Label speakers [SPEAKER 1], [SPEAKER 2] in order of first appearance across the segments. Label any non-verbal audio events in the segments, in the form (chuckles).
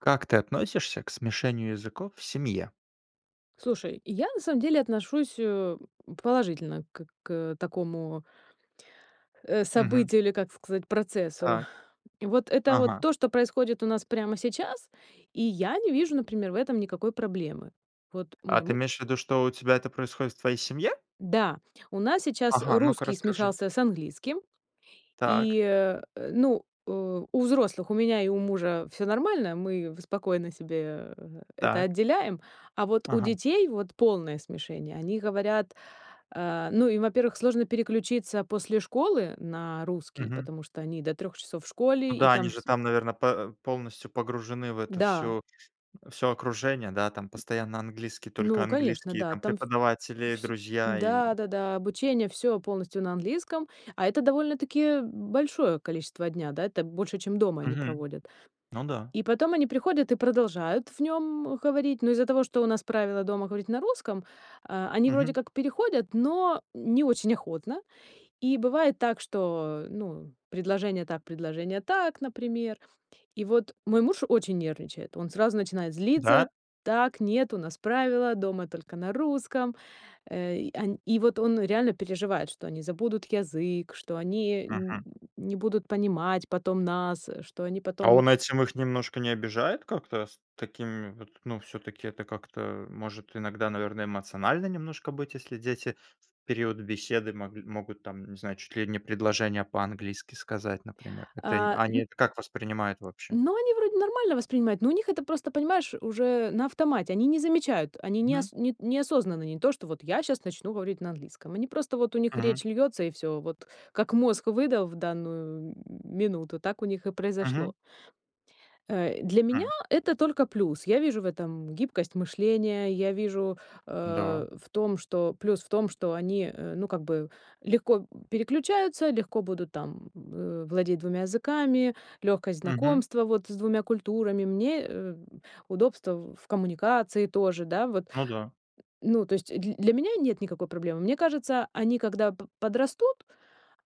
[SPEAKER 1] Как ты относишься к смешению языков в семье?
[SPEAKER 2] Слушай, я на самом деле отношусь, э, положительно как к к такому э,
[SPEAKER 1] Мгм.
[SPEAKER 2] событию или, как сказать, процессу.
[SPEAKER 1] Так.
[SPEAKER 2] Вот это вот
[SPEAKER 1] Ага.
[SPEAKER 2] то, что происходит у нас прямо сейчас, и я не вижу, например, в этом никакой проблемы. Вот
[SPEAKER 1] А
[SPEAKER 2] мой
[SPEAKER 1] ты
[SPEAKER 2] му
[SPEAKER 1] имеешь в виду, что у тебя это происходит в твоей семье?
[SPEAKER 2] Да, у нас сейчас
[SPEAKER 1] Ага, ну-ка
[SPEAKER 2] русский
[SPEAKER 1] расскажи.
[SPEAKER 2] смешался с английским.
[SPEAKER 1] Так.
[SPEAKER 2] И, э, ну, э, у взрослых, у меня и у мужа всё нормально, мы спокойно себе это
[SPEAKER 1] Так.
[SPEAKER 2] отделяем. А вот у
[SPEAKER 1] Ага.
[SPEAKER 2] детей вот полное смешение, они говорят, э, ну, им, во-первых, сложно переключиться после школы на русский,
[SPEAKER 1] Мгм.
[SPEAKER 2] потому что они до 3 часов в
[SPEAKER 1] Ну
[SPEAKER 2] школе, и
[SPEAKER 1] да, они
[SPEAKER 2] там
[SPEAKER 1] же
[SPEAKER 2] всь
[SPEAKER 1] там, наверно, пэ полностью погружены в эту
[SPEAKER 2] Да.
[SPEAKER 1] всю всё окружение, да? Там постоянно английский, только
[SPEAKER 2] Ну, конечно,
[SPEAKER 1] английские
[SPEAKER 2] да!
[SPEAKER 1] там
[SPEAKER 2] Там в
[SPEAKER 1] преподаватели,
[SPEAKER 2] всь
[SPEAKER 1] друзья и
[SPEAKER 2] да да да, обучение всё полностью на английском, а это довольно-таки большое количество дня, да, это больше, чем дома они
[SPEAKER 1] Мгм,
[SPEAKER 2] проводят.
[SPEAKER 1] ну да.
[SPEAKER 2] И потом они приходят и продолжают в нём говорить, но из-за того, что у нас правила дома говорить на русском, э, они вроде
[SPEAKER 1] Мгм.
[SPEAKER 2] как переходят, но не очень охотно. И бывает так, что, ну, предложение так, предложение так, например. И вот мой муж очень нервничает, он сразу начинает злиться:
[SPEAKER 1] Да?
[SPEAKER 2] "Так, нет, у нас правила, дома только на русском". Э, и он и вот он реально переживает, что они забудут язык, что они нь
[SPEAKER 1] Мгм.
[SPEAKER 2] не будут понимать потом нас, что они
[SPEAKER 1] А
[SPEAKER 2] потом
[SPEAKER 1] он этим их немножко не обижает? Как-то с такими вот, ну, всё-таки это как-то, может иногда, наверно, эмоционально немножко быть? Если дети в период беседы могли могут, там, не знаю, чуть ли не предложения по-английски сказать, например. Это
[SPEAKER 2] А,
[SPEAKER 1] они
[SPEAKER 2] н
[SPEAKER 1] это как это воспринимают вообще?
[SPEAKER 2] Но они вроде нормально воспринимают, но у них это просто, понимаешь, уже на автомате. Они не замечают, они
[SPEAKER 1] Мгм.
[SPEAKER 2] неос ни неосознанно, не то, что вот я щас начну говорить на английском. Они просто, вот у них
[SPEAKER 1] Мгм.
[SPEAKER 2] речь льётся и всё, вот как мозг выдал в данную м минуту, так у них и
[SPEAKER 1] Мгм.
[SPEAKER 2] произошло. Э, для меня
[SPEAKER 1] Хм.
[SPEAKER 2] это только плюс. Я вижу в этом гибкость мышления, я вижу,
[SPEAKER 1] Да.
[SPEAKER 2] э, в том, что плюс в том, что они, э, ну как бы легко переключаются, легко будут там, э, владеть 2 языками, лёгкость
[SPEAKER 1] Мгм.
[SPEAKER 2] знакомства вот с 2 культурами, мне, э, удобства в в коммуникации тоже, да, вот.
[SPEAKER 1] Ну да.
[SPEAKER 2] Ну то есть дль для меня нет никакой проблемы. Мне кажется, они когда п подрастут,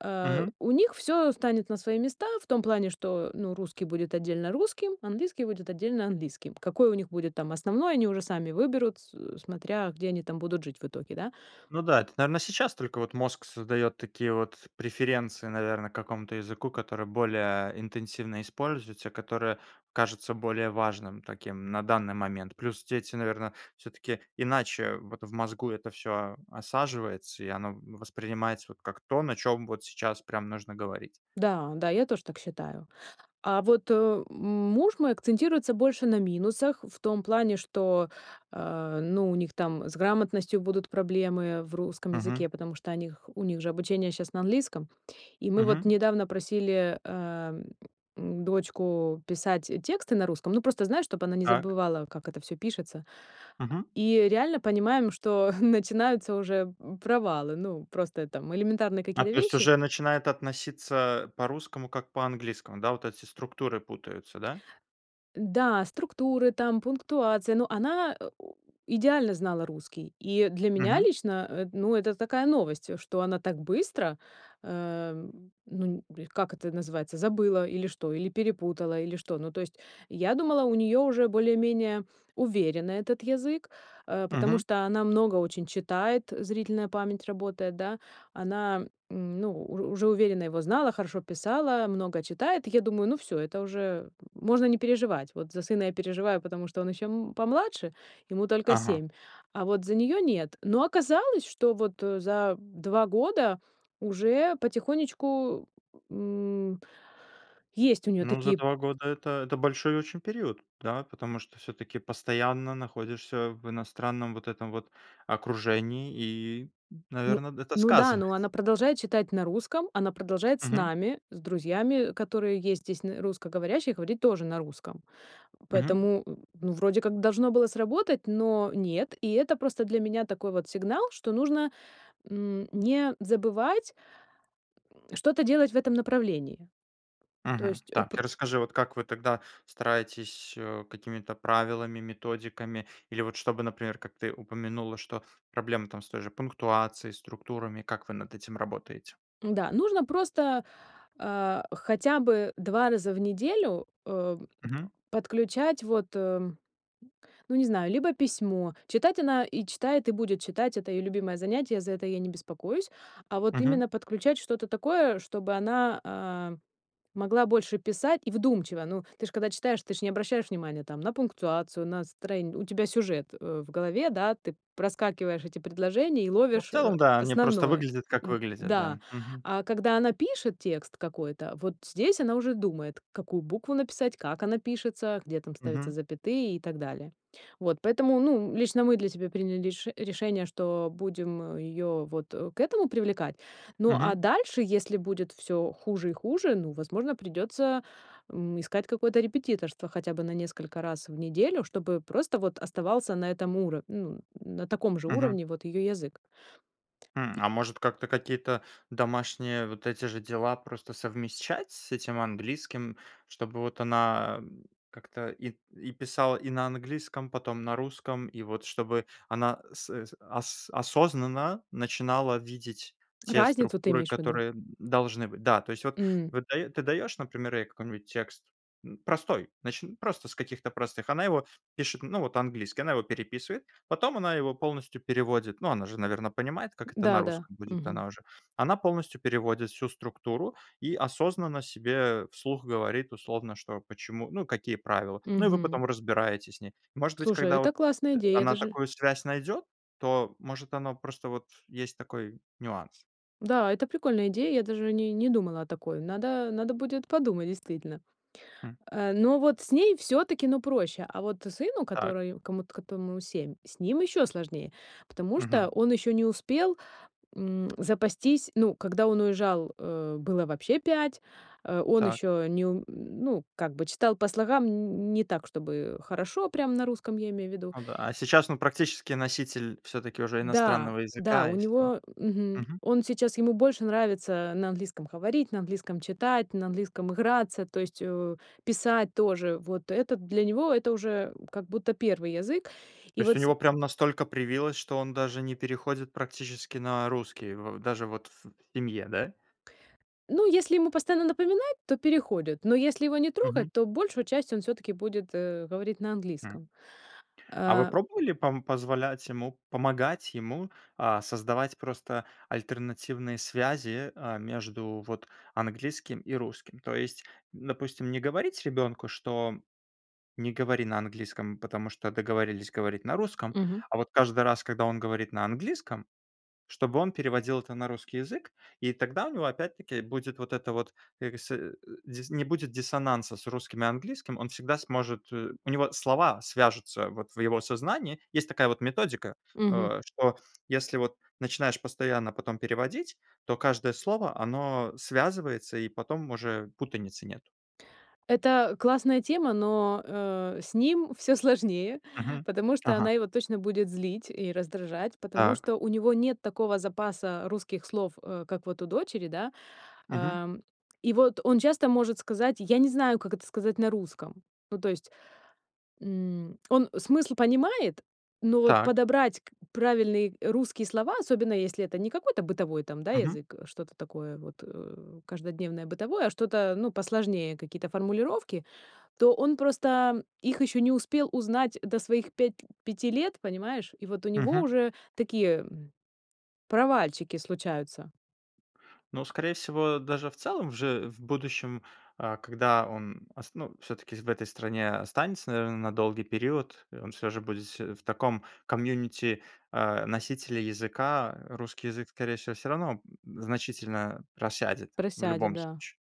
[SPEAKER 2] э,
[SPEAKER 1] Мгм.
[SPEAKER 2] у них всё встанет на свои места в том плане, что, ну, русский будет отдельно русским, английский будет отдельно английским. Какой у них будет там основной, они уже сами выберут, с смотря, где они там будут жить в итоге, да.
[SPEAKER 1] Ну да, это, наверно, сейчас только вот мозг создаёт такие вот преференции, наверно, к какому-то языку, который более интенсивно используется, который кажется более важным таким на данный момент. Плюс дети, наверно, всё-таки иначе вот в мозгу это всё осаживается, и оно воспринимается вот как то, на чём вот сейчас прям нужно говорить.
[SPEAKER 2] Да, да, я тоже так считаю. А вот, э, м муж мой акцентируется больше на минусах, в том плане, что, а, ну, у них там с грамотностью будут проблемы в русском
[SPEAKER 1] Мгм.
[SPEAKER 2] языке, потому что о них у них же обучение щас на английском. И мы вот
[SPEAKER 1] Мгм.
[SPEAKER 2] недавно просили, эм, дочку писать тексты на русском, ну, просто знаю, чтобы она не
[SPEAKER 1] Так.
[SPEAKER 2] забывала, как это всё пишется.
[SPEAKER 1] Мгм.
[SPEAKER 2] И реально понимаем, что начинаются уже м провалы, ну, просто там элементарные
[SPEAKER 1] А,
[SPEAKER 2] какие-то
[SPEAKER 1] то есть
[SPEAKER 2] вещи.
[SPEAKER 1] уже начинает относиться по-русскому, как по-английскому, да? Вот эти структуры путаются, да?
[SPEAKER 2] Да, структуры там, пунктуации, но она, э, у идеально знала русский, и для меня
[SPEAKER 1] Мгм.
[SPEAKER 2] лично, э, ну это такая новость, что она так быстро, э, ну нь бль как это называется, забыла или что, или перепутала, или что. Ну то есть я думала, у неё уже более-менее уверено этот язык, э, потому
[SPEAKER 1] Мгм.
[SPEAKER 2] что она много очень читает, зрительная память работает, да, она, м, ну уж уже уверенно его знала, хорошо писала, много читает. Я думаю: "Ну всё, это уже можно не переживать". Вот за сына я переживаю, потому что он ещё, м, помладше, ему только
[SPEAKER 1] Ага.
[SPEAKER 2] 7, а вот за неё нет. Но оказалось, что вот, э, за 2 года уже потихонечку, м, есть у неё
[SPEAKER 1] Ну, за
[SPEAKER 2] такие
[SPEAKER 1] 2 года это это большой очень период, да. Потому что всё-таки постоянно находишься в иностранном вот этом вот окружении, и,
[SPEAKER 2] Ну
[SPEAKER 1] наверно, д это
[SPEAKER 2] ну да, но
[SPEAKER 1] сказывается.
[SPEAKER 2] она продолжает читать на русском, она продолжает с
[SPEAKER 1] Мгм.
[SPEAKER 2] нами, с друзьями, которые есть здесь н русскоговорящие, и говорить тоже на русском.
[SPEAKER 1] Мгм.
[SPEAKER 2] Поэтому, ну, вроде как должно было сработать, но нет. И это просто для меня такой вот сигнал, что нужно, м, не забывать что-то делать в этом направлении. То
[SPEAKER 1] Мгм,
[SPEAKER 2] есть, ы
[SPEAKER 1] так.
[SPEAKER 2] пр
[SPEAKER 1] Расскажи, вот как вы тогда стараетесь, э, какими-то правилами, методиками или вот чтобы, например, как ты упомянула, что проблемы там с той же пунктуацией, структурами? Как вы над этим работаете?
[SPEAKER 2] Да, нужно просто, а, хотя бы 2 раза в неделю, э,
[SPEAKER 1] Мгм.
[SPEAKER 2] подключать вот, эм, ну, не знаю, либо письмо. Читать она и читает, и будет читать, это её любимое занятие, за это я не беспокоюсь. А вот
[SPEAKER 1] Мгм.
[SPEAKER 2] именно подключать что-то такое, чтобы она, а, могла больше писать и вдумчиво. Ну, ты ж когда читаешь, ты же не обращаешь внимание там на пунктуацию, на строен у тебя сюжет, э, в голове, да, ты проскакиваешь эти предложения и
[SPEAKER 1] Ну, в
[SPEAKER 2] ловишь, а,
[SPEAKER 1] целом, да, они просто
[SPEAKER 2] основное.
[SPEAKER 1] выглядят как
[SPEAKER 2] Д
[SPEAKER 1] выглядят,
[SPEAKER 2] да.
[SPEAKER 1] да, мгм.
[SPEAKER 2] А когда она пишет текст какой-то, вот здесь она уже думает, какую букву написать, как она пишется, где там ставятся
[SPEAKER 1] Мгм.
[SPEAKER 2] запятые и так далее. Вот поэтому, ну, лично мы для себя приняли реш решение, что будем её вот, э, к этому привлекать. Ну, а
[SPEAKER 1] Мгм.
[SPEAKER 2] дальше, если будет всё хуже и хуже, ну, возможно, придётся, м, искать какое-то репетиторство хотя бы на несколько раз в неделю, чтобы просто вот оставался на этом уро ну, на таком же
[SPEAKER 1] Мгм.
[SPEAKER 2] уровне вот её язык.
[SPEAKER 1] М, а может, как-то какие-то домашние вот эти же дела просто совмещать с этим английским? Чтобы вот она, м, как-то и и писала и на английском, а потом на русском? И вот чтобы она сэ сэ ос осознанно начинала видеть те
[SPEAKER 2] Разницу ты
[SPEAKER 1] структуры,
[SPEAKER 2] имеешь в виду?
[SPEAKER 1] которые, м, должны быть. Да, то есть вот
[SPEAKER 2] М.
[SPEAKER 1] вот ты даё ты даёшь, например, ей какой-нибудь текст, м, простой, начни просто с каких-то простых. Она его пишет, ну вот английский, она его переписывает, потом она его полностью переводит. Ну, она же, наверное, понимает, как это на
[SPEAKER 2] Да, да.
[SPEAKER 1] русском будет,
[SPEAKER 2] Мгм.
[SPEAKER 1] она уже. Она полностью переводит всю структуру и осознанно себе вслух говорит условно, что, почему, ну, какие правила. Ну, и вы
[SPEAKER 2] Мгм.
[SPEAKER 1] потом разбираете с ней. Может быть,
[SPEAKER 2] Слушай, а
[SPEAKER 1] когда вот,
[SPEAKER 2] это классная
[SPEAKER 1] э,
[SPEAKER 2] идея, я
[SPEAKER 1] она
[SPEAKER 2] даже
[SPEAKER 1] такую связь найдёт, то, может, оно просто вот есть такой нюанс.
[SPEAKER 2] Да, это прикольная идея, я даже о ней не думала о такой, надо надо будет подумать действительно.
[SPEAKER 1] М.
[SPEAKER 2] А, но вот с ней всё-таки, ну, проще, а вот сыну,
[SPEAKER 1] Так.
[SPEAKER 2] которой комут котому 7, с ним ещё сложнее, потому
[SPEAKER 1] Мгм.
[SPEAKER 2] что он ещё не успел, м, запастись, ну, когда он уезжал, э, было вообще 5. А, он
[SPEAKER 1] Так.
[SPEAKER 2] ещё неум ну, как бы, читал по слогам, нь не так чтобы хорошо, прямо на русском, я имею в виду.
[SPEAKER 1] Ну да, а сейчас, ну, практически носитель все-таки уже
[SPEAKER 2] Да,
[SPEAKER 1] иностранного
[SPEAKER 2] да,
[SPEAKER 1] языка,
[SPEAKER 2] у
[SPEAKER 1] и всё,
[SPEAKER 2] него, мгм,
[SPEAKER 1] мгм.
[SPEAKER 2] он сейчас, ему больше нравится на английском говорить, на английском читать, на английском играться, то есть о и писать тоже, вот это для него это уже, м, как будто первый язык.
[SPEAKER 1] То
[SPEAKER 2] И
[SPEAKER 1] есть у
[SPEAKER 2] вот с н
[SPEAKER 1] него прям настолько привилась, что он даже не переходит практически на русский в даже вот в семье, да?
[SPEAKER 2] Ну, если ему постоянно напоминать, то переходит, но если его не
[SPEAKER 1] Мгм.
[SPEAKER 2] трогать, то большую часть он всё-таки будет, э, говорить на
[SPEAKER 1] М.
[SPEAKER 2] английском.
[SPEAKER 1] А вы
[SPEAKER 2] А.
[SPEAKER 1] пробовали, пом позволять ему помогать ему, а, создавать просто альтернативные связи, а, между вот английским и русским? То есть, допустим, не говорить ребенку, что не говори на английском, потому что договорились говорить на русском,
[SPEAKER 2] Мгм.
[SPEAKER 1] а вот каждый раз, когда он говорит на английском, чтобы он переводил это на русский язык. И тогда у него, опять-таки, будет вот это вот, как бы, сэ э, дис не будет диссонанса с русским и английским. Он всегда сможет э, у него слова свяжутся вот в его сознании. Есть такая вот методика,
[SPEAKER 2] Мгм.
[SPEAKER 1] а, что если вот начинаешь постоянно потом переводить, то каждое слово, оно связывается, и потом уже путаницы нет.
[SPEAKER 2] Это классная тема, но, э, с ним всё сложнее,
[SPEAKER 1] Мгм,
[SPEAKER 2] потому что
[SPEAKER 1] ага.
[SPEAKER 2] она его точно будет злить и раздражать, потому
[SPEAKER 1] Так.
[SPEAKER 2] что у него нет такого запаса русских слов, э, как вот у дочери, да.
[SPEAKER 1] Мгм.
[SPEAKER 2] Ам, и вот он часто может сказать: "Я не знаю, как это сказать на русском". Ну, то есть, м, он смысл понимает, но вот
[SPEAKER 1] Так.
[SPEAKER 2] подобрать к правильные русские слова, особенно если это не какой-то бытовой там, да,
[SPEAKER 1] Мгм.
[SPEAKER 2] язык, что-то такое вот, э, каждодневное бытовое, а что-то, ну, посложнее, какие-то формулировки, то он просто, ам, их ещё не успел узнать до своих пять пяти лет, понимаешь? И вот у него
[SPEAKER 1] Мгм.
[SPEAKER 2] уже такие, м, провальчики случаются.
[SPEAKER 1] Но скорее всего, даже в целом уже в будущем, а когда он ос ну, всё-таки в этой стране останется, наверное, на долгий период, э, он всё же будет всь в таком комьюнити, а, носителя языка, русский язык, скорее всего, всё равно, м, значительно просядет в
[SPEAKER 2] Просядет,
[SPEAKER 1] любом
[SPEAKER 2] да.
[SPEAKER 1] случае.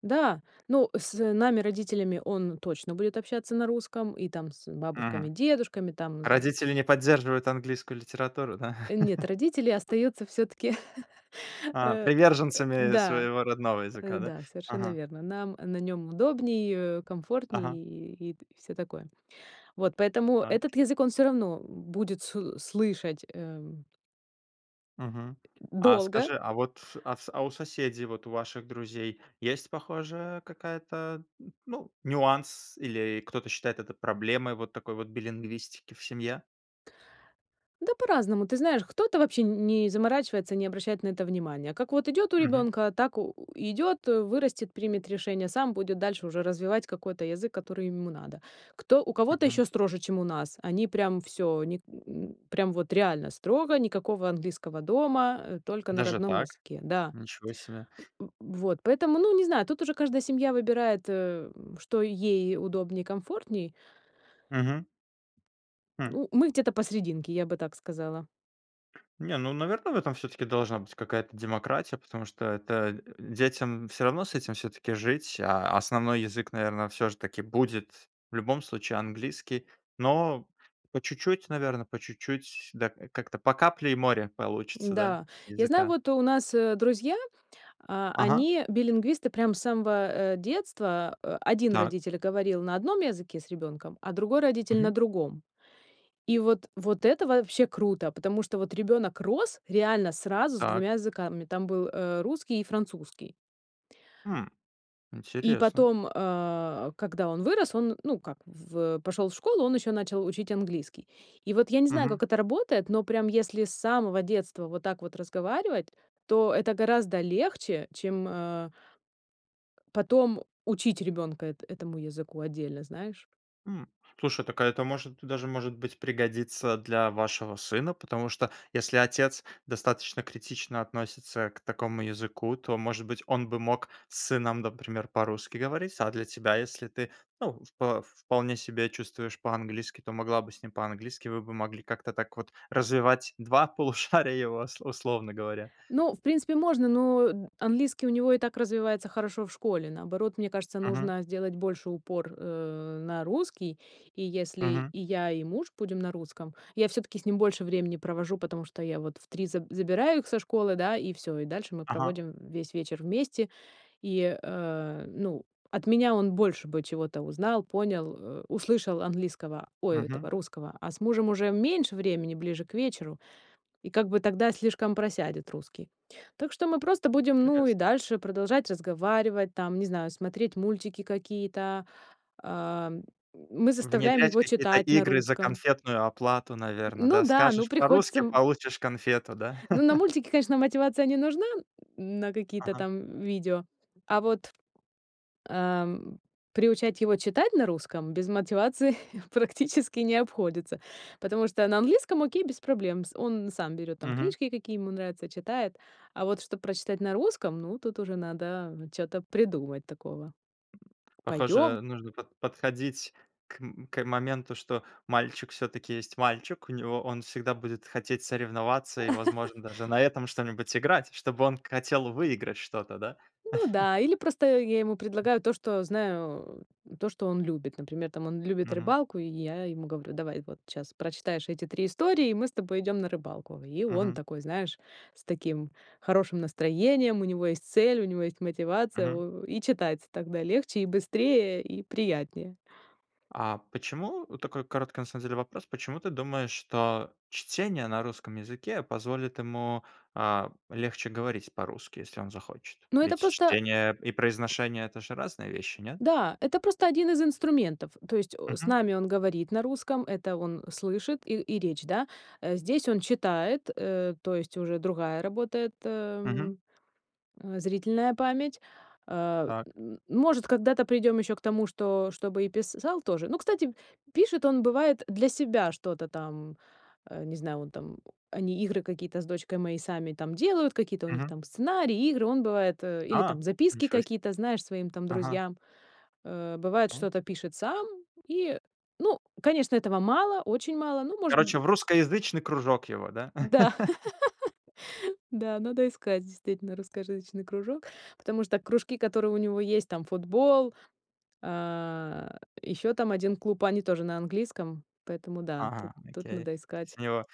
[SPEAKER 2] Да, ну с нами родителями он точно будет общаться на русском и там с бабушками,
[SPEAKER 1] Мгм.
[SPEAKER 2] дедушками, там з
[SPEAKER 1] Родители не поддерживают английскую литературу, да?
[SPEAKER 2] Нет, родители
[SPEAKER 1] (chuckles)
[SPEAKER 2] остаются всё-таки, (chuckles)
[SPEAKER 1] А,
[SPEAKER 2] э, э.
[SPEAKER 1] приверженцами
[SPEAKER 2] Да,
[SPEAKER 1] своего родного
[SPEAKER 2] э,
[SPEAKER 1] языка, да?
[SPEAKER 2] да, совершенно
[SPEAKER 1] Ага.
[SPEAKER 2] верно. Нам на нём удобнее,
[SPEAKER 1] Ага.
[SPEAKER 2] комфортнее и, и всё такое. Вот, поэтому
[SPEAKER 1] А.
[SPEAKER 2] этот язык, он всё равно будет сл слышать, э
[SPEAKER 1] Мгм. А
[SPEAKER 2] долго.
[SPEAKER 1] скажи, а вот, а в а у соседей, вот у ваших друзей есть похожая какая-то н ну нюанс или кто-то считает это проблемой вот такой вот билингвистики в семье?
[SPEAKER 2] Да по-разному, ты знаешь, кто-то вообще н не заморачивается не обращать на это внимания. Как вот идет у
[SPEAKER 1] Мгм.
[SPEAKER 2] ребёнка, так у у идет, э, вырастет, примет решение, сам будет дальше уже развивать какой-то язык, который ему надо. Кто у кого-то
[SPEAKER 1] Мгм.
[SPEAKER 2] ещё строже, чем у нас. Они прям всё у них, э, прям вот реально строго, никакого английского дома, э, только на
[SPEAKER 1] Даже
[SPEAKER 2] родном
[SPEAKER 1] так,
[SPEAKER 2] языке. Да.
[SPEAKER 1] ничего себе.
[SPEAKER 2] В э. Вот. Поэтому ну не знаю, тут уже каждая семья выбирает, э, что ей удобнее и комфортней.
[SPEAKER 1] Мгм. Хм.
[SPEAKER 2] Ну мы где-то посрединке, я бы так сказала.
[SPEAKER 1] Не ну, наверное, в этом всё-таки должна быть какая-то демократия, потому что, э, это, э, детям всё равно с этим всё-таки жить. А основной язык наверно всё же таки будет в любом случае английский, но по чуть-чуть, наверно, по чуть-чуть. Да, как-то по капле и море получится, да,
[SPEAKER 2] Н-да,
[SPEAKER 1] с
[SPEAKER 2] я знаю,
[SPEAKER 1] языка.
[SPEAKER 2] вот у нас, э, друзья, а,
[SPEAKER 1] Ага.
[SPEAKER 2] они билингвисты, прям с самого, э, детства, э, один
[SPEAKER 1] Так.
[SPEAKER 2] родитель говорил на одном языке с ребёнком, а другой родитель на
[SPEAKER 1] Мгм.
[SPEAKER 2] другом. И вот, вот это вообще круто, потому что вот ребёнок рос реально сразу с
[SPEAKER 1] Так.
[SPEAKER 2] 2 языками, там был, э, русский и французский.
[SPEAKER 1] Хм,
[SPEAKER 2] И
[SPEAKER 1] интересно.
[SPEAKER 2] потом, э, когда он вырос, он ну как в пошел в школу, он ещё начал учить английский. И вот я не знаю,
[SPEAKER 1] Мгм.
[SPEAKER 2] как это работает, но прям если с самого детства вот так вот разговаривать, то это гораздо легче, чем, э Потом учить ребёнка эт этому языку отдельно, знаешь?
[SPEAKER 1] М, слушай так, а это может, даже может быть пригодится для вашего сына потому что если отец достаточно критично относится к такому языку, то может быть он бы мог с сыном например по-русски говорить. А для тебя если ну ты впо вполне себя чувствуешь по-английски, то могла бы с ним по-английски. Вы бы могли как-то так вот развивать 2 полушария его, ус условно говоря.
[SPEAKER 2] Ну, в принципе можно, но английский у него и так развивается хорошо в школе, наоборот, мне кажется,
[SPEAKER 1] Мгм.
[SPEAKER 2] нужно сделать больше упор, э, на русский, и если
[SPEAKER 1] Мгм.
[SPEAKER 2] и я, и муж будем на русском, я всё-таки с ним больше времени провожу. Потому что я вот в 3 за забираю их со школы да, и всё и дальше мы
[SPEAKER 1] Ага.
[SPEAKER 2] проводим весь вечер вместе. И, э, ну от меня он больше бы чего-то узнал, понял, э, услышал английского, ой,
[SPEAKER 1] Мгм.
[SPEAKER 2] этого русского, а с мужем уже меньше времени ближе к вечеру, и как бы тогда слишком просядет русский. Так что мы просто будем ну и
[SPEAKER 1] Интересно.
[SPEAKER 2] дальше продолжать разговаривать, там, не знаю, смотреть мультики какие-то, а, мы заставляем
[SPEAKER 1] Внедрять
[SPEAKER 2] его
[SPEAKER 1] какие-то
[SPEAKER 2] читать на
[SPEAKER 1] игры за
[SPEAKER 2] русском.
[SPEAKER 1] конфетную оплату наверно,
[SPEAKER 2] Ну
[SPEAKER 1] да?
[SPEAKER 2] да, ну
[SPEAKER 1] Скажешь
[SPEAKER 2] приходится
[SPEAKER 1] по-русски
[SPEAKER 2] м
[SPEAKER 1] получишь конфету, да?
[SPEAKER 2] Ну, на
[SPEAKER 1] (chuckles)
[SPEAKER 2] мультике, конечно, мотивация не нужна на какие-то
[SPEAKER 1] Ага.
[SPEAKER 2] там видео, а вот, а, м, приучать его читать на русском без мотивации (chuckles) практически не обходится. Потому что на английском окей без проблем с он сам берёт там
[SPEAKER 1] Мгм.
[SPEAKER 2] книжки, какие ему нравятся, читает, а вот чтобы прочитать на русском, ну тут уже надо чё-то придумать такого.
[SPEAKER 1] (grunts)
[SPEAKER 2] Пойдём!
[SPEAKER 1] Похоже нужно под подходить к м к моменту, что мальчик всё-таки есть мальчик, у него он всегда будет хотеть соревноваться и возможно даже
[SPEAKER 2] (chuckles)
[SPEAKER 1] на этом что-нибудь играть, чтобы он хотел выиграть что-то, да.
[SPEAKER 2] Ну
[SPEAKER 1] (chuckles)
[SPEAKER 2] да, или просто я ему предлагаю то, что знаю, то что он любит. Например, там он любит
[SPEAKER 1] Мгм.
[SPEAKER 2] рыбалку, и я ему говорю: "Давай, вот щас прочитаешь эти 3 истории, и мы с тобой идем на рыбалку". И он
[SPEAKER 1] Мгм.
[SPEAKER 2] такой, знаешь, с таким хорошим настроением, у него есть цель, у него есть мотивация,
[SPEAKER 1] Мгм.
[SPEAKER 2] у у и читать тогда легче, и быстрее, и приятнее.
[SPEAKER 1] А почему? Такой короткий на самом деле вопрос. Почему ты думаешь, что чтение на русском языке позволит ему, а, легче говорить по-русски, если он захочет?
[SPEAKER 2] Ну это
[SPEAKER 1] Ведь
[SPEAKER 2] просто.
[SPEAKER 1] чтение и произношение это же разные вещи, нет?
[SPEAKER 2] Да, это просто 1 из инструментов, то есть, о с
[SPEAKER 1] Мгм.
[SPEAKER 2] нами он говорит на русском, это он слышит и и речь, да? Э, здесь он читает, э, то есть уже другая работает,
[SPEAKER 1] Мгм.
[SPEAKER 2] эм, э, зрительная память. А,
[SPEAKER 1] Так.
[SPEAKER 2] э, м, может, когда-то придем ещё к тому, что чтобы и писал тоже. Ну, кстати, пишет он, бывает, для себя что-то там, э, не знаю, он там они игры какие-то с дочкой мои сами там делают, какие-то у них
[SPEAKER 1] Мгм.
[SPEAKER 2] там сценарии, игры он бывает, э, или
[SPEAKER 1] А!
[SPEAKER 2] там записки
[SPEAKER 1] Ничего се.
[SPEAKER 2] какие-то, знаешь, своим там
[SPEAKER 1] Ага.
[SPEAKER 2] друзьям. Э, бывает,
[SPEAKER 1] Вот.
[SPEAKER 2] что-то пишет сам, и ну, конечно, этого мало, очень мало, ну, может,
[SPEAKER 1] Короче,
[SPEAKER 2] м
[SPEAKER 1] в русскоязычный кружок его, да?
[SPEAKER 2] Да.
[SPEAKER 1] (chuckles)
[SPEAKER 2] (chuckles) Да, надо искать действительно русскоязычный кружок, потому что кружки, которые у него есть: там футбол, а, ещё там 1 клуб, они тоже на английском, поэтому да, тут
[SPEAKER 1] Ага,
[SPEAKER 2] тут
[SPEAKER 1] окей,
[SPEAKER 2] надо
[SPEAKER 1] то
[SPEAKER 2] искать.
[SPEAKER 1] есть у него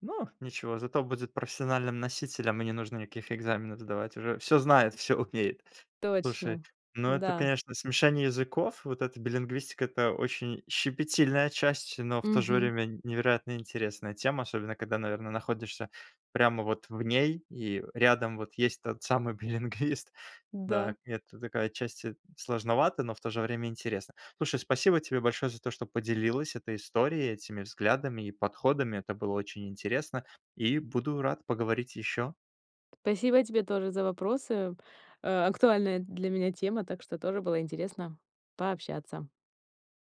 [SPEAKER 1] Ну ничего, зато будет профессиональным носителем и не нужно никаких экзаменов сдавать, уже всё знает, всё умеет. Слушай,
[SPEAKER 2] Точно!
[SPEAKER 1] ну это
[SPEAKER 2] Да.
[SPEAKER 1] конечно смешение языков, вот эта билингвистика это очень щепетильная часть, но в то же
[SPEAKER 2] Мгм.
[SPEAKER 1] время н невероятно интересная тема, особенно когда наверно находишься прямо вот в ней, и рядом вот есть тот самый билингвист. Да,
[SPEAKER 2] Да.
[SPEAKER 1] это такая отчасти сложновато, но в то же время интересно. Слушай, спасибо тебе большое за то, что поделилась этой историей, этими взглядами и подходами. Это было очень интересно. И буду рад поговорить ещё.
[SPEAKER 2] Спасибо тебе тоже за вопросы. А, актуальная для меня тема, так что тоже было интересно пообщаться.